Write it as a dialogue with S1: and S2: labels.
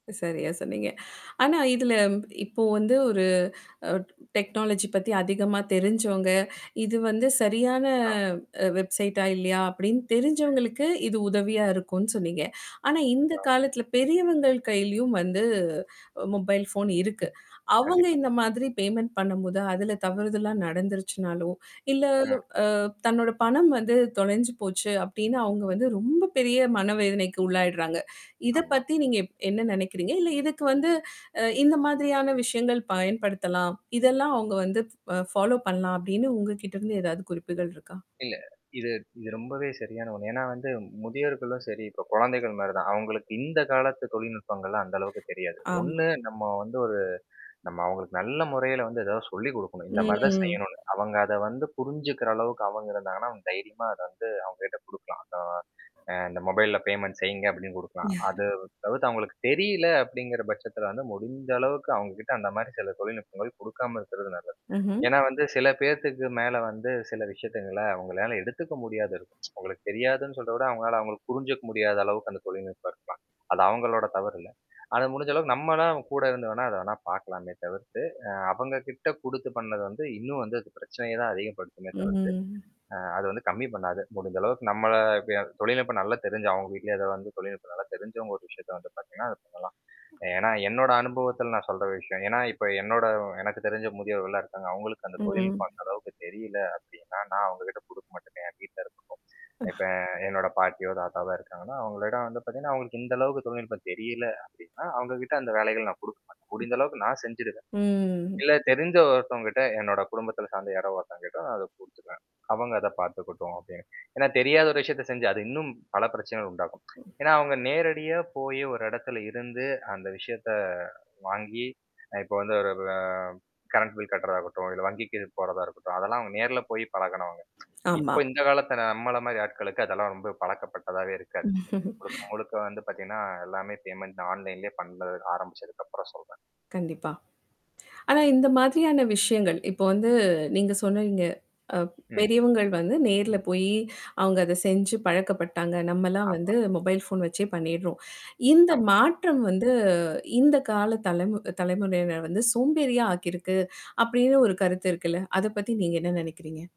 S1: சரியா சொன்னீங்க. ஆனா இதுல இப்போ வந்து ஒரு அ டெக்னாலஜி பத்தி அதிகமா தெரிஞ்சவங்க. இது வந்து சரியான
S2: [unintelligible]
S1: அ வெப்சைட்டா இல்லையா அப்படின்னு தெரிஞ்சவங்களுக்கு இது உதவியா இருக்கும்ன்னு சொன்னீங்க. ஆனா இந்த
S2: ஆ.
S1: காலத்தில பெரியவங்கள் கையிலயும் வந்து மொபைல் ஃபோன் இருக்கு. அவங்க
S2: கண்டிப்பா.
S1: இந்த மாதிரி பேமென்ண்ட் பண்ணும்போது அதுல தவறுதல்லாம் நடந்துருச்சுனாலும், இல்ல
S2: ம்.
S1: அ தன்னோட பணம் வந்து தொலைஞ்சு போச்சு அப்படின்னு அவங்க வந்து ரொம்ப பெரிய மனவேதனைக்கு உள்ளாயடுறாங்க. இத
S2: ஆமா.
S1: பத்தி நீங்க எப் என்ன நினைக்கறீங்க. இல்ல இதுக்கு வந்து அ இந்த மாதிரியான விஷயங்கள் பயன்படுத்தலாம். இதெல்லாம் அவங்க வந்து அ ஃபாலோ பண்ணலாம் அப்டின்னு உங்ககிட்டருந்து ஏதாவது குறிப்புகள் இருக்கா?
S2: இல்ல. இது இது ரொம்பவே சரியான ஒண்ணு. ஏன்னா வந்து முதியர்களும் சரி, இப்ப குழந்தைகள் மாரி தான். அவங்களுக்கு இந்த காலத்து தொழில்நுட்பங்கள்லா அந்த அளவுக்கு தெரியாது.
S1: ஆமா.
S2: ஒண்ணு நம்ம வந்து ஒரு நம்ம அவங்களுக்கு நல்ல முறையில வந்து ஏதாவது சொல்லிக் குடுக்கணும். இந்த மாரி தான்
S1: ம்.
S2: செய்யணும்னு. அவங்க அத வந்து புரிஞ்சுக்கிற அளவுக்கு அவங்களுக்கு ஆனா, தைரியமா அத வந்து அவங்ககிட்ட குடுக்கலாம். அத. அ இந்த மொபைல்ல பேமெண்ட் செய்யுங்க அப்படின்னு குடுக்கலாம். அது தவுத்து அவங்களுக்கு தெரியல அப்படிங்கிற பட்சத்தில வந்து முடிந்த அளவுக்கு அவுங்ககிட்ட அந்த மாரி சில தொழில்நுட்பங்கள் குடுக்காம இருக்கிறது நல்லது.
S1: ம்ஹ்ம்.
S2: ஏன்னா வந்து சில பேர்த்துக்கு மேல வந்து சில விஷயங்கள அவங்களால எடுத்துக்க முடியாத இருக்கும். அவங்களுக்கு தெரியாதுன்னு சொல் விட அவவுங்களால அவங்களுக்கு புரிஞ்சுக்க முடியாத அளவுக்கு அந்த தொழில்நுட்பம் இருக்கலாம். அது அவங்களோட தவறு இல்ல. அது முடிஞ்ச அளவுக்கு நம்மலாம் கூட இருந்து வேணா, அத வேணா பார்கலாமே தவிர்த்து, அ அவங்க கிட்ட குடுத்து பண்ணது வந்து இன்னும் வந்து அது பிரச்சனைய தான் அதிகப்படுமே தவிர்த்து.
S1: ம்ஹம்.
S2: அ அது வந்து கம்மி பண்ணாது. முடிஞ்ச அளவுக்கு நம்மள தொழில்நுட்பம் நல்லா தெரிஞ்சு அவங்க வீட்லயே அத வந்து தொழில்நுட்பம் நல்லா தெரிஞ்சவங்க ஒரு விஷயத்த வந்து பார்த்தீங்கன்னா, அது பண்ணலாம். ஏன்னா என்னோட அனுபவத்தில நான் சொல்ற விஷயம். ஏன்னா இப்ப என்னோட எனக்கு தெரிஞ்ச முதியவர்கள்லாம் இருக்காங்க. அவங்களுக்கு அந்த
S1: ம்.
S2: தொழில்நுட்பம் அந்த அளவுக்கு தெரியல அப்படின்னா, நான் அவங்ககிட்ட குடுக்க மாட்டேன். என் வீட்ல இருக்கட்டும்.
S1: ஹ.
S2: இப்ப என்னோட பாட்டியோ, தாத்தாவா இருக்காங்கன்னா, அவங்களோட வந்து பார்த்தீங்கன்னா, அவங்களுக்கு இந்த அளவுக்கு தொழில்நுட்பம் தெரியல அப்படின்னா, அவங்க கிட்ட அந்த வேலைகள் நான் குடுக்க மாட்டேன். முடிஞ்ச அளவுக்கு நான் செஞ்சுருவேன்.
S1: ம்.
S2: இல்ல தெரிஞ்ச ஒருத்தவங்க கிட்ட என்னோட குடும்பத்தில சார்ந்த யார ஒருத்தவங்க கிட்ட நான் அத குடுத்துக்குவேன். அவங்க அத பார்த்துக்கட்டும் அப்படின்னு. ஏன்னா தெரியாத ஒரு விஷயத்த செஞ்சு அது இன்னும் பல பிரச்சனைகள் உண்டாகும். ஏன்னா, அவங்க நேரடியா போய் ஒரு இடத்துல இருந்து அந்த விஷயத்த வாங்கி இப்போ வந்து ஒரு அ கரண்ட் பில் கட்டு்றதாகட்டும், இல்ல வங்கிக்கு போறதா இருக்கட்டும். அதெல்லாம் அவங்க நேர்ல போய் பழகனவங்க.
S1: ஆமா.
S2: இப்போ இந்த காலத்த நம்மள மாரி ஆட்களுக்கு அதெல்லாம் ரொம்ப பழக்கப்பட்டதாவே இருக்காது. முழுக்க முழுக்க வந்து பார்த்தீங்கன்னா எல்லாமே பேமெண்ட் ஆன்லைன்லேயே பண்ண ஆரம்பிச்சதுக்கப்புறம் சொல்றேன்.
S1: கண்டிப்பா. ஆனா இந்த மாதிரியான விஷயங்கள். இப்போ வந்து நீங்க சொன்னீங்க. அ
S2: ம்.
S1: பெரியவங்கள் வந்து நேர்ல போயி அவங்க அத செஞ்சு பழக்கப்பட்டாங்க. நம்மலாம்
S2: ஆமா.
S1: வந்து மொபைல் ஃபோன் வச்சே பண்ணிடுறோம். இந்த
S2: ஆமா.
S1: மாற்றம் வந்து இந்த கால தலைமு தலைமுறையினர் வந்து சோம்பேறியா ஆக்கியிருக்கு. அப்படின்னு ஒரு கருத்து இருக்குல்ல. அத பத்தி நீங்க என்ன நினைக்கிறீங்க?